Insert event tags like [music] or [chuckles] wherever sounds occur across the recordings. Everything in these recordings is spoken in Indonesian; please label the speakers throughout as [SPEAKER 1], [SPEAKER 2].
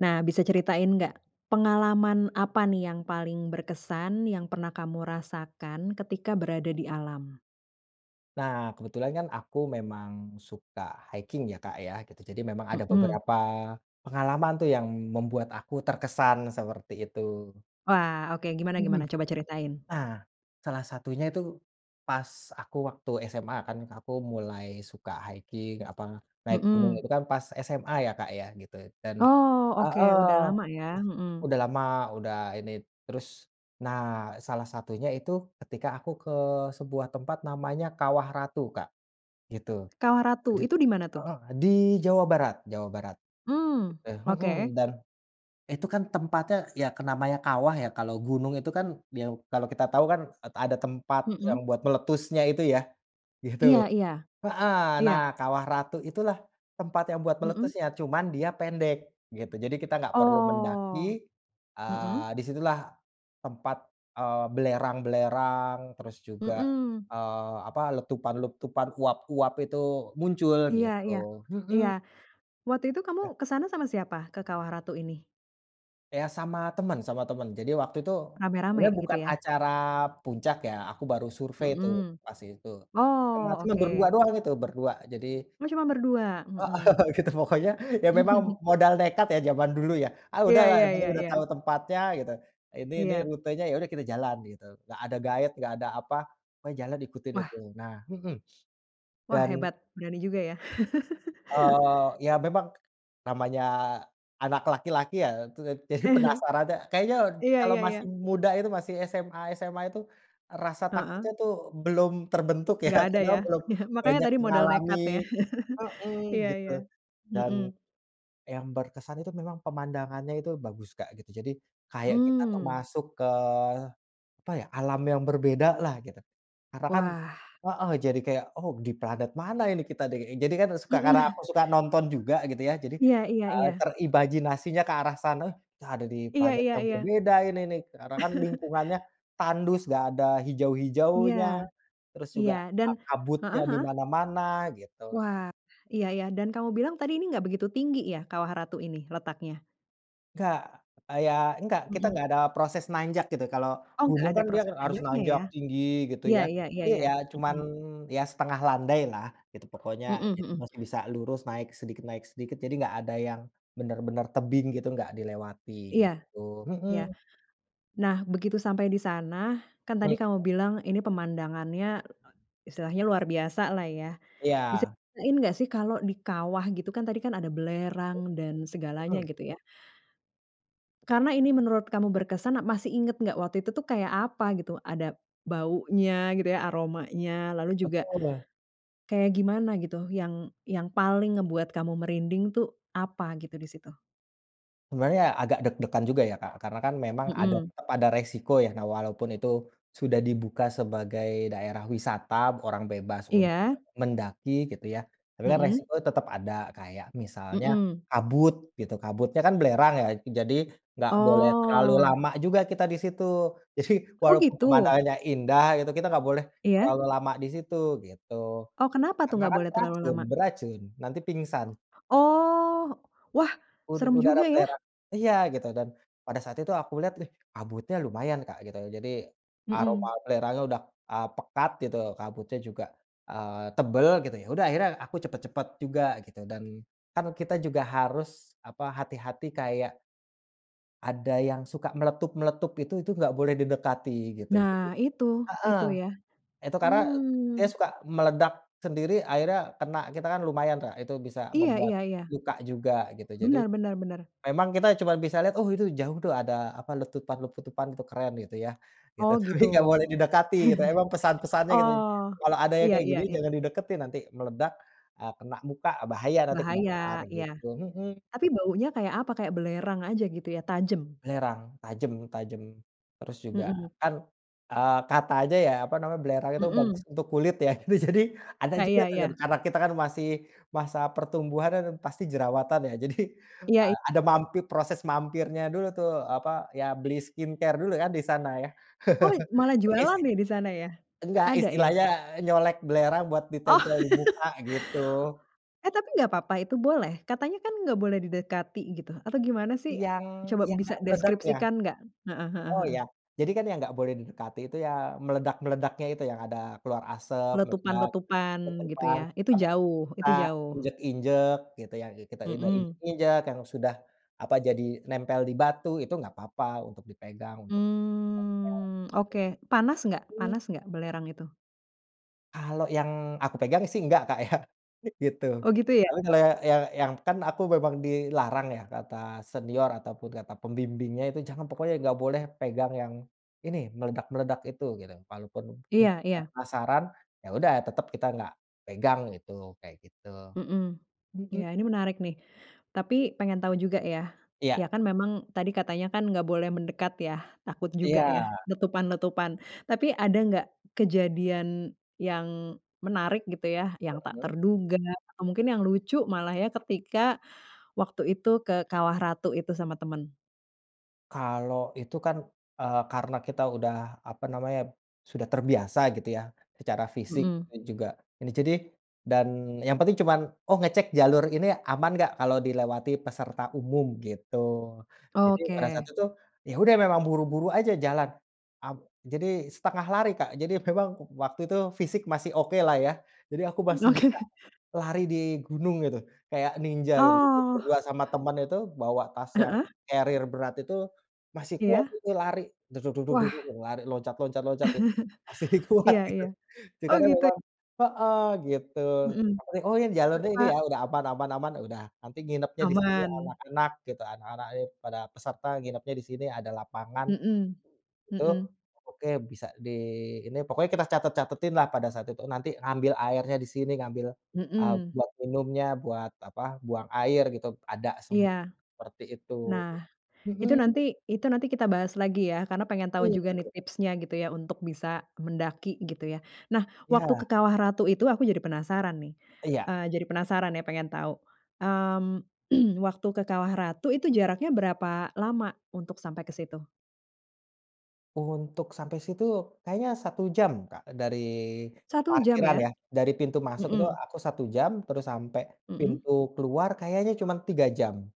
[SPEAKER 1] Nah, bisa ceritain gak, pengalaman apa nih yang paling berkesan yang pernah kamu rasakan ketika berada di alam?
[SPEAKER 2] Nah, kebetulan kan aku memang suka hiking ya, Kak, ya gitu, jadi memang ada
[SPEAKER 1] Mhm.
[SPEAKER 2] beberapa pengalaman tuh yang membuat aku terkesan, seperti itu.
[SPEAKER 1] Wah, oke, gimana
[SPEAKER 2] Mhm.
[SPEAKER 1] gimana? Coba ceritain.
[SPEAKER 2] Nah. Salah satunya itu pas aku waktu SMA kan aku mulai suka hiking apa, naik gunung
[SPEAKER 1] Mhm.
[SPEAKER 2] itu kan pas SMA ya, Kak, ya gitu dan
[SPEAKER 1] Oh, oke,
[SPEAKER 2] heeh,
[SPEAKER 1] udah lama ya,
[SPEAKER 2] eh
[SPEAKER 1] mhm.
[SPEAKER 2] udah lama, udah ini terus nah salah satunya itu ketika aku ke sebuah tempat namanya Kawah Ratu, Kak, gitu.
[SPEAKER 1] Kawah
[SPEAKER 2] Di
[SPEAKER 1] Ratu, itu di mana tuh?
[SPEAKER 2] heeh, di Jawa Barat Jawa Barat.
[SPEAKER 1] Mmm,
[SPEAKER 2] Eh,
[SPEAKER 1] oke.
[SPEAKER 2] mhm, dan itu kan tempatnya ya ke namanya kawah ya, kalau gunung itu kan biau kalau kita tahu kan et ada tempat yang
[SPEAKER 1] Mhm.
[SPEAKER 2] buat meletusnya itu ya, gitu.
[SPEAKER 1] Iya iya.
[SPEAKER 2] Heeh, nah
[SPEAKER 1] Iya.
[SPEAKER 2] Kawah Ratu itulah tempat yang buat
[SPEAKER 1] Mhm.
[SPEAKER 2] meletusnya, cuman dia pendek gitu. Jadi kita nggak perlu mendaki,
[SPEAKER 1] Oh. Mhm.
[SPEAKER 2] eee, di situlah tempat, eee, belerang-belerang, terus juga,
[SPEAKER 1] Mhm.
[SPEAKER 2] eee, apa, letupan-letupan uap-uap itu muncul
[SPEAKER 1] Iya iya.
[SPEAKER 2] gitu.
[SPEAKER 1] Iya.
[SPEAKER 2] Mhm.
[SPEAKER 1] Waktu itu kamu
[SPEAKER 2] Eee.
[SPEAKER 1] ke sana sama siapa? Ke Kawah Ratu ini?
[SPEAKER 2] Ya sama temen sama temen. Jadi waktu itu,
[SPEAKER 1] Rame-rame
[SPEAKER 2] sebenarnya
[SPEAKER 1] gitu
[SPEAKER 2] bukan
[SPEAKER 1] ya?
[SPEAKER 2] acara puncak ya, aku baru survei tuh
[SPEAKER 1] Mhm.
[SPEAKER 2] pas itu, sama
[SPEAKER 1] Oh,
[SPEAKER 2] temen berdua
[SPEAKER 1] oke.
[SPEAKER 2] doang itu, berdua, jadi
[SPEAKER 1] Oh, cuma berdua,
[SPEAKER 2] Heeh,
[SPEAKER 1] mhm.
[SPEAKER 2] [chuckles] gitu pokoknya ya memang
[SPEAKER 1] [chuckles]
[SPEAKER 2] modal nekat ya jaman dulu ya. "Ah
[SPEAKER 1] Iya
[SPEAKER 2] udahlah,
[SPEAKER 1] iya
[SPEAKER 2] yang penting
[SPEAKER 1] iya
[SPEAKER 2] udah
[SPEAKER 1] iya.
[SPEAKER 2] tahu tempatnya," gitu, "Ini nih
[SPEAKER 1] Iya.
[SPEAKER 2] rutenya," ya udah kita jalan gitu, nggak ada guide, nggak ada apa, pokoknya jalan ikutin itu.
[SPEAKER 1] Wah.
[SPEAKER 2] Nah mhm.
[SPEAKER 1] Wah,
[SPEAKER 2] Dan
[SPEAKER 1] hebat, berani juga ya.
[SPEAKER 2] Eee,
[SPEAKER 1] [chuckles]
[SPEAKER 2] ya memang namanya anak laki-laki ya itu jadi
[SPEAKER 1] [chuckles]
[SPEAKER 2] penasarannya kayaknya
[SPEAKER 1] Iya
[SPEAKER 2] kalau
[SPEAKER 1] iya
[SPEAKER 2] masih
[SPEAKER 1] iya.
[SPEAKER 2] muda itu masih SMA SMA itu rasa takutnya
[SPEAKER 1] Heeh.
[SPEAKER 2] tuh belum terbentuk ya
[SPEAKER 1] Nggak ada
[SPEAKER 2] karena
[SPEAKER 1] ya.
[SPEAKER 2] belum
[SPEAKER 1] [chuckles] Makannya
[SPEAKER 2] banyak
[SPEAKER 1] tadi modal
[SPEAKER 2] mengalami
[SPEAKER 1] nekat ya.
[SPEAKER 2] mhm,
[SPEAKER 1] [chuckles] Iya
[SPEAKER 2] gitu.
[SPEAKER 1] iya.
[SPEAKER 2] Dan
[SPEAKER 1] Mhm.
[SPEAKER 2] yang berkesan itu memang pemandangannya itu bagus, Kak, gitu. Jadi kayak kita tuh
[SPEAKER 1] Mmm.
[SPEAKER 2] masuk ke apa ya, alam yang berbedalah gitu. Karena kan
[SPEAKER 1] Wah.
[SPEAKER 2] heeh, jadi kayak, "Oh di planet mana ini kita nih?" Jadi kan
[SPEAKER 1] Mhm.
[SPEAKER 2] suka, karena aku
[SPEAKER 1] [chuckles]
[SPEAKER 2] suka nonton juga gitu ya, jadi,
[SPEAKER 1] Iya iya
[SPEAKER 2] eee,
[SPEAKER 1] iya.
[SPEAKER 2] terimajinasinya ke arah sana, "Entah ada di
[SPEAKER 1] Iya
[SPEAKER 2] planet
[SPEAKER 1] iya
[SPEAKER 2] yang
[SPEAKER 1] iya.
[SPEAKER 2] berbeda ini nih," karena kan
[SPEAKER 1] [chuckles]
[SPEAKER 2] lingkungannya tandus, nggak ada
[SPEAKER 1] Iya,
[SPEAKER 2] hijau-hijaunya, terus
[SPEAKER 1] iya,
[SPEAKER 2] juga
[SPEAKER 1] dan
[SPEAKER 2] a kabutnya
[SPEAKER 1] heeh
[SPEAKER 2] di
[SPEAKER 1] heeh.
[SPEAKER 2] mana-mana gitu.
[SPEAKER 1] Wah, iya iya dan kamu bilang tadi ini gak begitu tinggi ya Kawah Ratu ini letaknya?
[SPEAKER 2] Nggak, eee, ya nggak, kita
[SPEAKER 1] Mhm.
[SPEAKER 2] nggak ada proses nanjak gitu, kalau
[SPEAKER 1] Oh, nggak
[SPEAKER 2] umum
[SPEAKER 1] ada
[SPEAKER 2] kan dia
[SPEAKER 1] proses
[SPEAKER 2] harus
[SPEAKER 1] selanjutnya
[SPEAKER 2] nanjak
[SPEAKER 1] ya.
[SPEAKER 2] tinggi gitu
[SPEAKER 1] Iya
[SPEAKER 2] ya,
[SPEAKER 1] iya iya
[SPEAKER 2] ini
[SPEAKER 1] iya.
[SPEAKER 2] ya cuman
[SPEAKER 1] Mhm.
[SPEAKER 2] ya setengah landailah gitu pokoknya,
[SPEAKER 1] Mhm
[SPEAKER 2] jadi
[SPEAKER 1] mhm.
[SPEAKER 2] masih bisa lurus naik sedikit naik sedikit, jadi nggak ada yang benar-benar tebing gitu gak dilewati,
[SPEAKER 1] Iya
[SPEAKER 2] gitu.
[SPEAKER 1] iya.
[SPEAKER 2] Mhm.
[SPEAKER 1] Nah, begitu sampai di sana kan
[SPEAKER 2] Mmm,
[SPEAKER 1] tadi kamu
[SPEAKER 2] ya.
[SPEAKER 1] bilang ini pemandangannya istilahnya luar biasalah ya. Bisa
[SPEAKER 2] Iya.
[SPEAKER 1] diceritain enggak sih kalau di kawah gitu kan tadi kan ada belerang dan
[SPEAKER 2] Mmm.
[SPEAKER 1] segalanya
[SPEAKER 2] Mhm.
[SPEAKER 1] gitu ya. Karena ini menurut kamu berkesan, masih inget nggak waktu itu tuh kayak apa gitu, ada baunya gitu ya, aromanya lalu juga,
[SPEAKER 2] Betul lah.
[SPEAKER 1] kayak gimana gitu yang yang paling ngebuat kamu merinding tuh apa gitu di situ?
[SPEAKER 2] Sebenarnya agak deg-degan juga ya, Kak, karena kan memang ada
[SPEAKER 1] Mhm.
[SPEAKER 2] tetep ada resiko ya. Nah, walaupun itu sudah dibuka sebagai daerah wisata, orang bebas untuk
[SPEAKER 1] Iya.
[SPEAKER 2] mendaki gitu ya, tapi kan
[SPEAKER 1] Mhm.
[SPEAKER 2] resiko tetap ada. Kayak misalnya
[SPEAKER 1] Mhm.
[SPEAKER 2] kabut gitu, kabutnya kan belerang ya, jadi nggak boleh terlalu
[SPEAKER 1] Oh.
[SPEAKER 2] lama juga kita di situ, jadi
[SPEAKER 1] Oh
[SPEAKER 2] walaupun
[SPEAKER 1] gitu?
[SPEAKER 2] pemandangannya indah gitu, kita enggak boleh
[SPEAKER 1] Iya.
[SPEAKER 2] terlalu lama di situ, gitu.
[SPEAKER 1] Oh kenapa tuh,
[SPEAKER 2] Karena
[SPEAKER 1] nggak
[SPEAKER 2] kan
[SPEAKER 1] boleh terlalu
[SPEAKER 2] beracun
[SPEAKER 1] lama?
[SPEAKER 2] beracun, nanti pingsan.
[SPEAKER 1] Oh, wah
[SPEAKER 2] Udu
[SPEAKER 1] serem
[SPEAKER 2] udara
[SPEAKER 1] juga ya.
[SPEAKER 2] belerang iya gitu, dan pada saat itu aku lihat, ih kabutnya lumayan Kak, gitu, jadi aroma
[SPEAKER 1] Mhm.
[SPEAKER 2] belerangnya udah, eee, pekat gitu, kabutnya juga, eee, tebal gitu. Ya udah akhirnya aku cepat-cepat juga gitu, dan kan kita juga harus apa, hati-hati kayak ada yang suka meletup-meletup itu itu nggak boleh didekati gitu. Jadi
[SPEAKER 1] Nah itu,
[SPEAKER 2] heeh,
[SPEAKER 1] itu ya.
[SPEAKER 2] itu karena dia
[SPEAKER 1] Mmm.
[SPEAKER 2] suka meledak sendiri, akhirnya kena kita, kan lumayan, Kak, itu bisa
[SPEAKER 1] Iya
[SPEAKER 2] membuat
[SPEAKER 1] iya iya.
[SPEAKER 2] luka juga gitu, jadi
[SPEAKER 1] Bener bener bener.
[SPEAKER 2] memang kita cuma bisa lihat, oh itu jauh tuh ada apa, letupan-letupan itu keren gitu ya, gitu.
[SPEAKER 1] Oh
[SPEAKER 2] Tapi
[SPEAKER 1] gitu.
[SPEAKER 2] nggak boleh didekati, memang
[SPEAKER 1] [chuckles]
[SPEAKER 2] pesan-pesannya gitu.
[SPEAKER 1] Oh,
[SPEAKER 2] "Kalau ada yang
[SPEAKER 1] iya
[SPEAKER 2] kayak
[SPEAKER 1] iya
[SPEAKER 2] gini,
[SPEAKER 1] iya.
[SPEAKER 2] jangan dideketin, nanti meledak, eee, kena muka, eee, bahaya nanti kebakar,"
[SPEAKER 1] Bahaya, iya.
[SPEAKER 2] gitu, mhm.
[SPEAKER 1] Tapi baunya kayak apa? Kayak belerang aja gitu ya, tajam?
[SPEAKER 2] Belerang, tajem tajem. Terus juga
[SPEAKER 1] Mhm.
[SPEAKER 2] kan, eee, katanya apa namanya, belerang itu bagus
[SPEAKER 1] Mhm.
[SPEAKER 2] untuk kulit ya, gitu. Jadi, ada
[SPEAKER 1] Ah,
[SPEAKER 2] juga
[SPEAKER 1] iya
[SPEAKER 2] tuh
[SPEAKER 1] iya.
[SPEAKER 2] karena kita kan masih masa pertumbuhan kan pasti jerawatan ya, jadi,
[SPEAKER 1] Iya iya
[SPEAKER 2] eee, ada
[SPEAKER 1] iya.
[SPEAKER 2] mampir proses mampirnya dulu tuh, apa, ya beli skincare dulu kan di sana ya,
[SPEAKER 1] Oh
[SPEAKER 2] [chuckles]
[SPEAKER 1] malah
[SPEAKER 2] e is
[SPEAKER 1] jualan nih di sana ya?
[SPEAKER 2] nggak,
[SPEAKER 1] Ada ya?
[SPEAKER 2] istilahnya nyolek belerang buat
[SPEAKER 1] Oh.
[SPEAKER 2] ditempel di muka gitu.
[SPEAKER 1] [laughs] Eh ,tapi nggak papa? Itu boleh? Katanya kan nggak boleh didekati gitu, atau gimana sih?
[SPEAKER 2] Yang
[SPEAKER 1] Coba
[SPEAKER 2] yang
[SPEAKER 1] bisa
[SPEAKER 2] nggak meledak ya?
[SPEAKER 1] deskripsikan nggak? Heeh heeh
[SPEAKER 2] Oh iya,
[SPEAKER 1] heeh.
[SPEAKER 2] jadi kan yang nggak boleh didekati itu, ya meledak-meledaknya itu yang ada keluar asap, meledak,
[SPEAKER 1] Letupan-letupan gitu
[SPEAKER 2] tetepan
[SPEAKER 1] ya? Itu
[SPEAKER 2] tapi
[SPEAKER 1] jauh
[SPEAKER 2] kita
[SPEAKER 1] itu jauh?
[SPEAKER 2] injak-injak gitu ya, ki kita udah
[SPEAKER 1] Mhm.
[SPEAKER 2] injak-injak yang sudah apa, jadi nempel di batu, itu nggak papa untuk dipegang untuk
[SPEAKER 1] Mmm, oke. Panas nggak
[SPEAKER 2] ditempel untuk mhm.
[SPEAKER 1] panas nggak, belerang itu?
[SPEAKER 2] Kalau yang aku pegang sih nggak, Kak, ya, gitu.
[SPEAKER 1] Oh, gitu ya.
[SPEAKER 2] Lalu kalo ya yang yang kan aku memang dilarang ya, kata senior ataupun kata pembimbingnya, "Jangan! Pokoknya nggak boleh pegang yang ini, meledak-meledak itu," gitu. Walaupun mungkin
[SPEAKER 1] Iya iya.
[SPEAKER 2] penasaran, ya udah tetep kita nggak pegang gitu, kaya gitu.
[SPEAKER 1] Mhm.
[SPEAKER 2] Mhm.
[SPEAKER 1] Iya ini menarik nih, tapi pengen tahu juga ya. Iya
[SPEAKER 2] Iya.
[SPEAKER 1] kan memang tadi katanya kan enggak boleh mendekat ya, takut juga ya,
[SPEAKER 2] Iya.
[SPEAKER 1] letupan-letupan. Tapi ada enggak kejadian yang menarik gitu ya, yang tak
[SPEAKER 2] Mhm.
[SPEAKER 1] terduga atau mungkin yang lucu malah ya, ketika waktu itu, ke Kawah Ratu itu sama temen?
[SPEAKER 2] Kalau itu kan, eee, karena kita udah apa namanya, sudah terbiasa gitu ya, secara fisik
[SPEAKER 1] Mhm.
[SPEAKER 2] itu juga n jadi dan yang penting cuman, oh ngecek jalur ini aman nggak, kalau dilewati peserta umum, gitu. Jadi pada saat
[SPEAKER 1] Oke.
[SPEAKER 2] itu, ya udah memang buru-buru aja jalan, ab jadi setengah lari, Kak. Jadi memang waktu itu fisik masih oke lah ya, jadi aku masih bisa
[SPEAKER 1] Oke.
[SPEAKER 2] lari di gunung gitu, kaya ninja gitu, jadi
[SPEAKER 1] Oh.
[SPEAKER 2] berdua sama teman itu, bawa tas yang
[SPEAKER 1] Heeh.
[SPEAKER 2] carrier berat itu, masih kuat
[SPEAKER 1] Iya.
[SPEAKER 2] itu lari, dug dug dug dug
[SPEAKER 1] Wah.
[SPEAKER 2] dug, lari loncat loncat loncat ya, masih
[SPEAKER 1] [chuckles]
[SPEAKER 2] kuat
[SPEAKER 1] Iya
[SPEAKER 2] gitu.
[SPEAKER 1] iya. Oh
[SPEAKER 2] sekarang
[SPEAKER 1] gitu.
[SPEAKER 2] memang heeh gitu, apa
[SPEAKER 1] Mhm,
[SPEAKER 2] tadi oh ya, jalannya ini
[SPEAKER 1] berapa
[SPEAKER 2] ya, udah aman aman aman, udah nanti nginepnya di sini
[SPEAKER 1] Aman.
[SPEAKER 2] anak-anak gitu, anak-anak itu para peserta nginepnya di sini, ada lapangan,
[SPEAKER 1] Mhm,
[SPEAKER 2] itu,
[SPEAKER 1] mhm.
[SPEAKER 2] oke, bisa di ini pokoknya kita catat-catatin lah pada saat itu, nanti ngambil airnya di sini, ngambil, eee,
[SPEAKER 1] Mhm.
[SPEAKER 2] buat minumnya, buat apa, buang air gitu, ada semua
[SPEAKER 1] Iya.
[SPEAKER 2] seperti itu.
[SPEAKER 1] Nah, itu
[SPEAKER 2] Mhm.
[SPEAKER 1] nanti itu nanti kita bahas lagi ya, karena pengen tahu
[SPEAKER 2] Iya,
[SPEAKER 1] juga nih
[SPEAKER 2] tentu.
[SPEAKER 1] tipsnya gitu ya, untuk bisa mendaki gitu ya. Nah, waktu ke
[SPEAKER 2] Ya.
[SPEAKER 1] Kawah Ratu itu aku jadi penasaran nih,
[SPEAKER 2] Iya.
[SPEAKER 1] eee, jadi penasaran ya, pengen tahu. Mmm, [clears throat] waktu ke Kawah Ratu itu jaraknya berapa lama untuk sampai ke situ?
[SPEAKER 2] Untuk sampai situ kayaknya 1 jam, Kak, dari
[SPEAKER 1] 1 jam
[SPEAKER 2] parkiran
[SPEAKER 1] ya?
[SPEAKER 2] ya. Dari pintu masuk itu
[SPEAKER 1] Mhm.
[SPEAKER 2] aku 1 jam, terus sampe
[SPEAKER 1] Mhm.
[SPEAKER 2] pintu keluar, kayaknya cuman 3 jam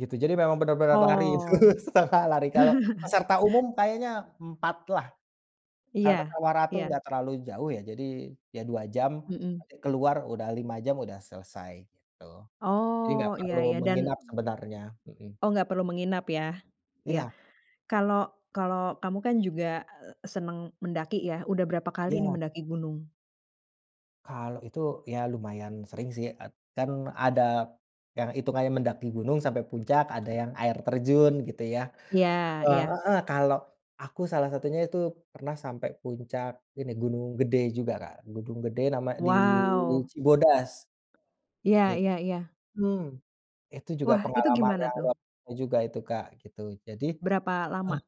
[SPEAKER 2] gitu. Jadi memang benar-benar lari, itu
[SPEAKER 1] Oh.
[SPEAKER 2] setengah lari. Kalau
[SPEAKER 1] [chuckles]
[SPEAKER 2] peserta umum kayaknya 4 lah, karena
[SPEAKER 1] Iya
[SPEAKER 2] Kawah Ratu
[SPEAKER 1] iya.
[SPEAKER 2] enggak terlalu jauh ya. Jadi, ya 2 jam,
[SPEAKER 1] Mhm.
[SPEAKER 2] nanti keluar udah 5 jam, udah selesai gitu. Jadi nggak
[SPEAKER 1] Oh, iya
[SPEAKER 2] perlu
[SPEAKER 1] iya, dan
[SPEAKER 2] menginap sebenarnya, mhm.
[SPEAKER 1] mmm, oh nggak perlu menginap ya, iya.
[SPEAKER 2] Iya.
[SPEAKER 1] Kalau kalau kamu kan juga, eee, senang mendaki ya, udah berapa kali nih
[SPEAKER 2] Iya.
[SPEAKER 1] mendaki gunung?
[SPEAKER 2] Kalau itu, ya lumayan sering sih. Ed kan ada yang itungannya mendaki gunung sampai puncak, ada yang air terjun gitu ya.
[SPEAKER 1] Iya
[SPEAKER 2] Heeh
[SPEAKER 1] iya.
[SPEAKER 2] heeh, kalau aku, salah satunya itu pernah sampai puncak ini, Gunung Gede juga, Kak. Gunung Gede, nama di
[SPEAKER 1] Wow.
[SPEAKER 2] Cibodas.
[SPEAKER 1] Iya
[SPEAKER 2] It
[SPEAKER 1] iya iya.
[SPEAKER 2] mmm. Itu juga
[SPEAKER 1] Wah, itu
[SPEAKER 2] pengalaman
[SPEAKER 1] gimana
[SPEAKER 2] yang
[SPEAKER 1] tuh?
[SPEAKER 2] luar biasa juga itu, Kak, gitu. Jadi
[SPEAKER 1] Berapa
[SPEAKER 2] mmm,
[SPEAKER 1] lama?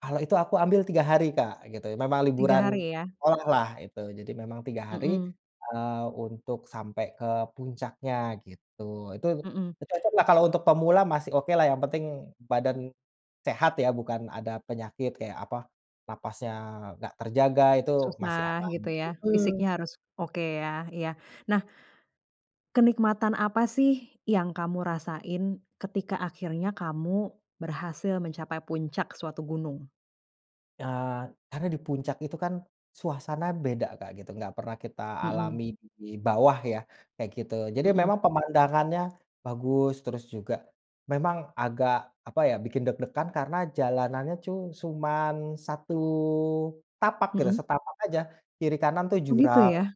[SPEAKER 2] kalau itu aku ambil 3 hari, Kak, gitu, memang
[SPEAKER 1] 3
[SPEAKER 2] liburan
[SPEAKER 1] hari ya?
[SPEAKER 2] sekolah lah itu. Jadi memang 3 hari,
[SPEAKER 1] Mhm.
[SPEAKER 2] eee, untuk sampe ke puncaknya gitu. Itu
[SPEAKER 1] Mhm.
[SPEAKER 2] itu cocok lah untuk pemula, masih oke lah, yang penting badan sehat ya, bukan ada penyakit, kaya apa, nafasnya nggak terjaga itu masih
[SPEAKER 1] Susah
[SPEAKER 2] aman.
[SPEAKER 1] gitu ya,
[SPEAKER 2] Mhm.
[SPEAKER 1] fisiknya harus oke ya, iya. Nah, kenikmatan apa sih yang kamu rasain, ketika akhirnya kamu berhasil mencapai puncak suatu gunung?
[SPEAKER 2] Eee, karena di puncak itu, kan, suasana beda, Kak, gitu, nggak pernah kita
[SPEAKER 1] Mhm.
[SPEAKER 2] alami di bawah, ya, kayak gitu, jadi
[SPEAKER 1] Mhm.
[SPEAKER 2] memang pemandangannya bagus, terus juga memang agak apa, ya, bikin deg-degan karena jalanannya cu cuman satu tapak gitu
[SPEAKER 1] Mhm.
[SPEAKER 2] setapak aja, kiri-kanan, tuh,
[SPEAKER 1] Oh, gitu,
[SPEAKER 2] jurang,
[SPEAKER 1] ya,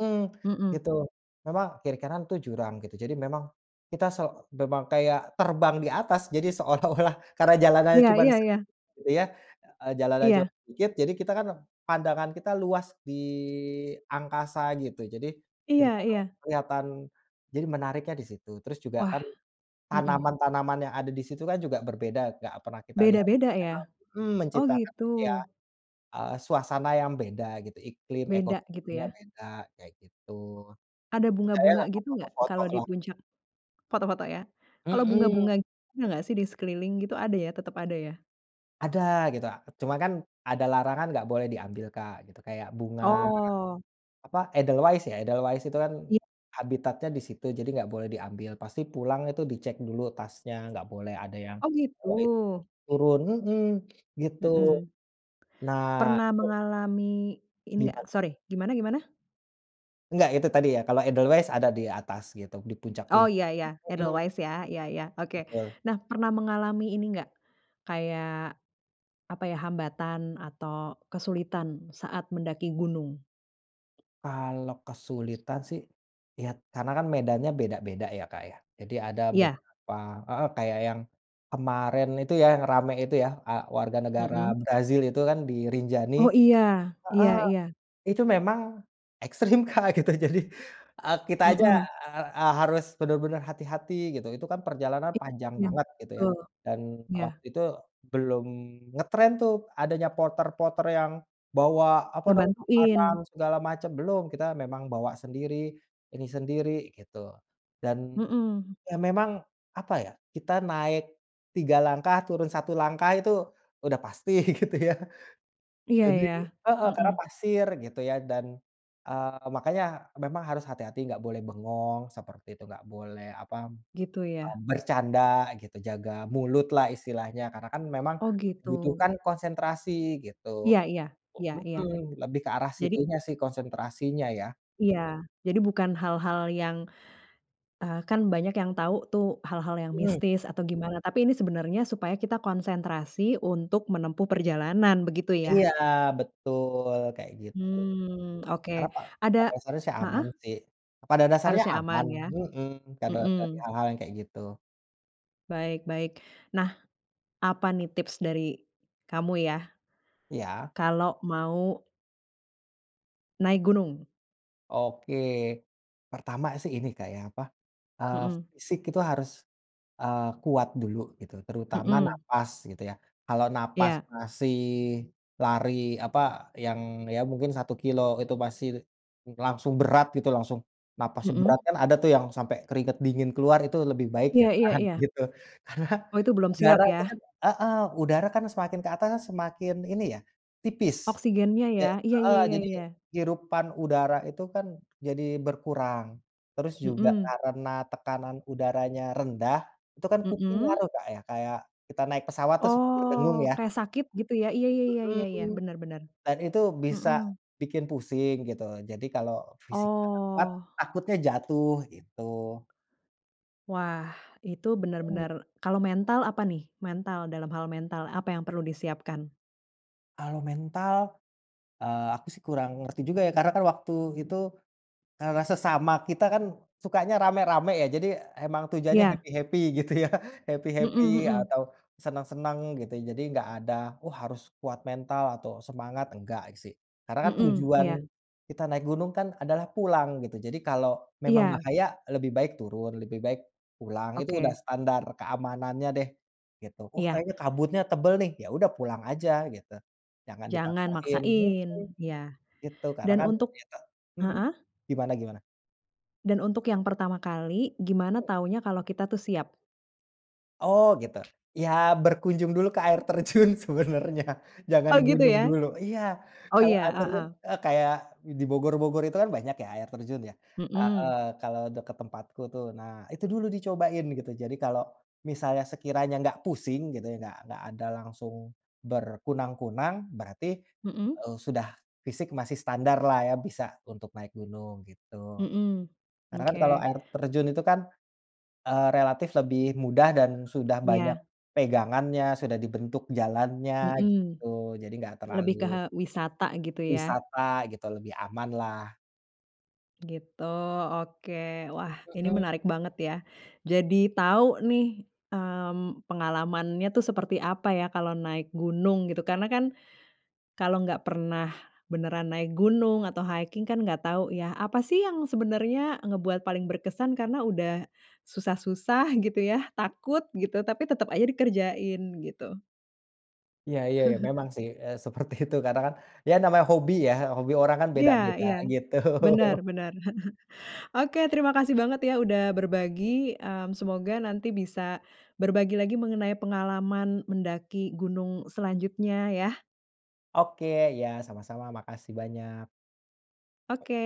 [SPEAKER 2] mhm,
[SPEAKER 1] mhm.
[SPEAKER 2] gitu. Memang kiri-kanan, tuh, jurang gitu, jadi memang kita so memang kayak terbang di atas jadi seolah-olah karena jalanannya
[SPEAKER 1] Iya
[SPEAKER 2] cuman
[SPEAKER 1] iya iya.
[SPEAKER 2] sedikit gitu, ya, eee, jalanannya cuman
[SPEAKER 1] Iya.
[SPEAKER 2] sedikit jadi kita, kan, pandangan kita luas di angkasa gitu, jadi
[SPEAKER 1] Iya
[SPEAKER 2] kiri-kanan
[SPEAKER 1] iya.
[SPEAKER 2] kelihatan jadi menariknya di situ. Terus juga,
[SPEAKER 1] Wah,
[SPEAKER 2] kan,
[SPEAKER 1] mhm.
[SPEAKER 2] tanaman-tanaman yang ada di situ, kan, juga berbeda, nggak pernah kita lihat,
[SPEAKER 1] Beda-beda ya,
[SPEAKER 2] karena, mhm,
[SPEAKER 1] oh,
[SPEAKER 2] menciptakan
[SPEAKER 1] gitu.
[SPEAKER 2] itu, ya, eee, suasana yang beda gitu, iklim,
[SPEAKER 1] Beda gitu,
[SPEAKER 2] ekosistemnya
[SPEAKER 1] ya.
[SPEAKER 2] beda kayak gitu.
[SPEAKER 1] Ada
[SPEAKER 2] Di saya
[SPEAKER 1] bunga-bunga
[SPEAKER 2] nggak ke
[SPEAKER 1] gitu gak
[SPEAKER 2] foto-foto,
[SPEAKER 1] kalau di
[SPEAKER 2] loh.
[SPEAKER 1] puncak? Foto-foto, ya, kalau
[SPEAKER 2] Mhm.
[SPEAKER 1] bunga-bunga ada nggak, sih, di sekeliling gitu ada, ya, tetap ada, ya?
[SPEAKER 2] Ada gitu, ah, cuman, kan, ada larangan nggak boleh diambil Kak, gitu kayak bunga,
[SPEAKER 1] Oh.
[SPEAKER 2] apa, Edelweis, ya, Edelweis itu kan
[SPEAKER 1] Iya.
[SPEAKER 2] habitatnya di situ jadi enggak boleh diambil, pasti pulang itu dicek dulu tasnya, enggak boleh ada yang
[SPEAKER 1] Oh, gitu.
[SPEAKER 2] bawain turun, mhm, gitu.
[SPEAKER 1] Mhm.
[SPEAKER 2] Nah
[SPEAKER 1] Pernah
[SPEAKER 2] itu
[SPEAKER 1] mengalami ini
[SPEAKER 2] Gimana,
[SPEAKER 1] nggak
[SPEAKER 2] Kak?
[SPEAKER 1] sori, gimana-gimana?
[SPEAKER 2] Nggak, itu tadi, ya, kalau Edelweis ada di atas gitu, di
[SPEAKER 1] Oh,
[SPEAKER 2] puncak-puncak.
[SPEAKER 1] iya iya,
[SPEAKER 2] Mmm, mhm.
[SPEAKER 1] Edelweis ya, iya iya oke.
[SPEAKER 2] Betul.
[SPEAKER 1] Nah, pernah mengalami ini nggak, kayak apa, ya, hambatan atau kesulitan saat mendaki gunung?
[SPEAKER 2] Kalau kesulitan, sih, ya, karena, kan, medannya beda-beda, ya, Kak, ya, jadi ada
[SPEAKER 1] Iya.
[SPEAKER 2] beberapa heeh, kayak yang kemarin itu yang ramai itu, ya, eee, warga negara
[SPEAKER 1] Mhm.
[SPEAKER 2] Brazil itu, kan, di Rinjani
[SPEAKER 1] Oh, iya, iya
[SPEAKER 2] heeh,
[SPEAKER 1] iya.
[SPEAKER 2] itu memang ekstrim, Kak gitu jadi, eee, kita aja,
[SPEAKER 1] Mhm.
[SPEAKER 2] eee, harus benar-benar hati-hati gitu. Itu, kan, perjalanan panjang
[SPEAKER 1] Iya
[SPEAKER 2] banget gitu, ya,
[SPEAKER 1] betul,
[SPEAKER 2] dan
[SPEAKER 1] iya.
[SPEAKER 2] waktu itu belum ngetren, tuh, adanya porter-porter yang bawa apa, namanya makanan
[SPEAKER 1] Ngebantuin.
[SPEAKER 2] segala macam, belum, kita memang bawa sendiri, ini sendiri gitu. Dan,
[SPEAKER 1] Mhm.
[SPEAKER 2] ya, memang apa, ya, kita naik 3 langkah, turun 1 langkah itu udah pasti gitu, ya,
[SPEAKER 1] Iya,
[SPEAKER 2] jadi
[SPEAKER 1] ya,
[SPEAKER 2] heeh, karena
[SPEAKER 1] mhm.
[SPEAKER 2] pasir gitu, ya, dan, eee, makanya memang harus hati-hati, gak boleh bengong, seperti itu, gak boleh apa, mmm,
[SPEAKER 1] Gitu, ya.
[SPEAKER 2] bercanda gitu, jaga mulutlah istilahnya karena, kan, memang
[SPEAKER 1] Oh, gitu.
[SPEAKER 2] membutuhkan konsentrasi gitu,
[SPEAKER 1] Iya iya, iya iya.
[SPEAKER 2] mhm, lebih ke arah
[SPEAKER 1] Jadi
[SPEAKER 2] situnya, sih, konsentrasinya, ya.
[SPEAKER 1] iya. Jadi bukan hal-hal yang eee, kan banyak yang tahu, tuh, hal-hal yang
[SPEAKER 2] Mhm.
[SPEAKER 1] mistis atau gimana tapi ini sebenarnya supaya kita konsentrasi untuk menempuh perjalanan, begitu, ya.
[SPEAKER 2] Iya, betul, kayak gitu.
[SPEAKER 1] Hmm,
[SPEAKER 2] Karena
[SPEAKER 1] oke.
[SPEAKER 2] pa
[SPEAKER 1] Ada
[SPEAKER 2] pada dasarnya, sih, aman,
[SPEAKER 1] heeh?
[SPEAKER 2] sih. Pada dasarnya
[SPEAKER 1] Harusnya
[SPEAKER 2] aman,
[SPEAKER 1] aman, ya,
[SPEAKER 2] mhm, kalau dari
[SPEAKER 1] mhm.
[SPEAKER 2] hal-hal kayak gitu.
[SPEAKER 1] Baik baik. Nah, apa nih tips dari kamu ya,
[SPEAKER 2] Iya.
[SPEAKER 1] kalau mau naik gunung?
[SPEAKER 2] Oke, pertama, sih, ini Kak, ya, apa, eee,
[SPEAKER 1] Mhm.
[SPEAKER 2] fisik itu harus, eee, kuat dulu gitu terutama
[SPEAKER 1] Mhm.
[SPEAKER 2] nafas gitu, ya, kalau nafas
[SPEAKER 1] Iya.
[SPEAKER 2] masih lari apa, yang ya, mungkin 1 kilometer itu masih langsung berat gitu, langsung nafasnya berat,
[SPEAKER 1] Mhm.
[SPEAKER 2] kan, ada, tuh, yang sampai keringat dingin keluar itu lebih baik,
[SPEAKER 1] Iya iya
[SPEAKER 2] jangan,
[SPEAKER 1] iya.
[SPEAKER 2] gitu. Karena,
[SPEAKER 1] Oh, itu belum siap,
[SPEAKER 2] udara, tuh, kan
[SPEAKER 1] ya.
[SPEAKER 2] heeh, udara, kan, semakin keatas semakin ini, ya, tipis.
[SPEAKER 1] Oksigennya,
[SPEAKER 2] Ja
[SPEAKER 1] ya, iya iya
[SPEAKER 2] heeh,
[SPEAKER 1] iya
[SPEAKER 2] jadi
[SPEAKER 1] iya.
[SPEAKER 2] hirupan udara itu, kan, jadi berkurang, terus juga
[SPEAKER 1] Mhm.
[SPEAKER 2] karena tekanan udaranya rendah, itu, kan, kuping ngaruh
[SPEAKER 1] Mhm.
[SPEAKER 2] Kak, ya, kayak kita naik pesawat terus berdengung,
[SPEAKER 1] Oh,
[SPEAKER 2] ya.
[SPEAKER 1] kayak sakit gitu, ya, iya iya iya iya iya.
[SPEAKER 2] Mhm.
[SPEAKER 1] Benar benar.
[SPEAKER 2] Dan itu bisa
[SPEAKER 1] Mhm.
[SPEAKER 2] bikin pusing gitu, jadi kalau fisiknya nggak kuat
[SPEAKER 1] Oh.
[SPEAKER 2] takutnya jatuh gitu.
[SPEAKER 1] Wah, itu
[SPEAKER 2] Mhm.
[SPEAKER 1] benar-benar kalau mental apa nih? Mental, dalam hal mental apa yang perlu disiapkan?
[SPEAKER 2] Kalau mental, eee, aku, sih, kurang ngerti juga, ya, karena, kan, waktu itu, eee, sesama kita, kan, sukanya ramai-ramai, ya, jadi emang tujuannya
[SPEAKER 1] Iya.
[SPEAKER 2] happy-happy gitu ya,
[SPEAKER 1] Mhm
[SPEAKER 2] happy-happy
[SPEAKER 1] mhm.
[SPEAKER 2] atau senang-senang gitu, ya, jadi nggak ada, wah, harus kuat mental atau semangat, enggak, sih. Karena
[SPEAKER 1] Mhm,
[SPEAKER 2] tujuan
[SPEAKER 1] iya.
[SPEAKER 2] kita naik gunung, kan, adalah pulang gitu, jadi kalau memang
[SPEAKER 1] Iya.
[SPEAKER 2] bahaya lebih baik turun, lebih baik pulang, itu udah
[SPEAKER 1] Oke.
[SPEAKER 2] standar keamanannya, deh, gitu. Oh,
[SPEAKER 1] Iya.
[SPEAKER 2] kayaknya kabutnya tebal, nih, ya, udah pulang aja gitu, jangan
[SPEAKER 1] Jangan
[SPEAKER 2] dipaksain, mhm,
[SPEAKER 1] maksain, iya.
[SPEAKER 2] gitu, karena,
[SPEAKER 1] Dan
[SPEAKER 2] kan,
[SPEAKER 1] untuk
[SPEAKER 2] gitu Mhm,
[SPEAKER 1] heeh?
[SPEAKER 2] gimana gimana?
[SPEAKER 1] Dan untuk yang pertama kali, gimana tahunya kalau kita tuh siap?
[SPEAKER 2] Oh, gitu, ya, berkunjung dulu ke air terjun sebenarnya, jangan
[SPEAKER 1] Oh, gitu,
[SPEAKER 2] gunung
[SPEAKER 1] ya,
[SPEAKER 2] dulu. Iya,
[SPEAKER 1] oh,
[SPEAKER 2] kalau
[SPEAKER 1] iya,
[SPEAKER 2] air terjun
[SPEAKER 1] heeh.
[SPEAKER 2] eee, kayak di Bogor-bogor itu, kan, banyak, ya, air terjun, ya, heeh
[SPEAKER 1] Mhm.
[SPEAKER 2] kalau dekat tempatku, tuh, nah itu dulu dicobain gitu. Jadi kalau misalnya sekiranya nggak pusing gitu, nggak nggak ada langsung berkunang-kunang berarti,
[SPEAKER 1] Mhm.
[SPEAKER 2] eee, sudah fisik masih standarlah, ya, bisa untuk naik gunung gitu,
[SPEAKER 1] Mhm.
[SPEAKER 2] Karena, kan, kalau
[SPEAKER 1] Oke.
[SPEAKER 2] air terjun itu, kan, eee, relatif lebih mudah dan sudah banyak
[SPEAKER 1] Iya.
[SPEAKER 2] pegangannya, sudah dibentuk jalannya
[SPEAKER 1] Mhm,
[SPEAKER 2] gitu, jadi nggak
[SPEAKER 1] lebih ke,
[SPEAKER 2] terlalu
[SPEAKER 1] eee, wisata gitu, ya.
[SPEAKER 2] Wisata gitu lebih aman lah.
[SPEAKER 1] Gitu, oke. Wah, ini
[SPEAKER 2] Mhm.
[SPEAKER 1] menarik banget, ya, jadi tahu, nih, mmm, pengalamannya tuh seperti apa, ya, kalau naik gunung gitu karena, kan, kalau enggak pernah beneran naik gunung atau hiking kan, enggak tahu, ya, apa sih yang sebenarnya ngebuat paling berkesan karena udah susah-susah gitu, ya, takut gitu tapi tetap aja dikerjain gitu.
[SPEAKER 2] Iya iya, ya, memang,
[SPEAKER 1] [chuckles]
[SPEAKER 2] sih, eee, seperti itu karena, kan, ya, namanya hobi, ya, hobi orang, kan,
[SPEAKER 1] Iya
[SPEAKER 2] beda-beda,
[SPEAKER 1] iya,
[SPEAKER 2] gitu.
[SPEAKER 1] benar
[SPEAKER 2] [chuckles]
[SPEAKER 1] benar. [chuckles] Oke, terima kasih banget, ya, udah berbagi, mmm, semoga nanti bisa berbagi lagi mengenai pengalaman mendaki gunung selanjutnya, ya.
[SPEAKER 2] Oke, iya sama-sama, makasih banyak.
[SPEAKER 1] Oke.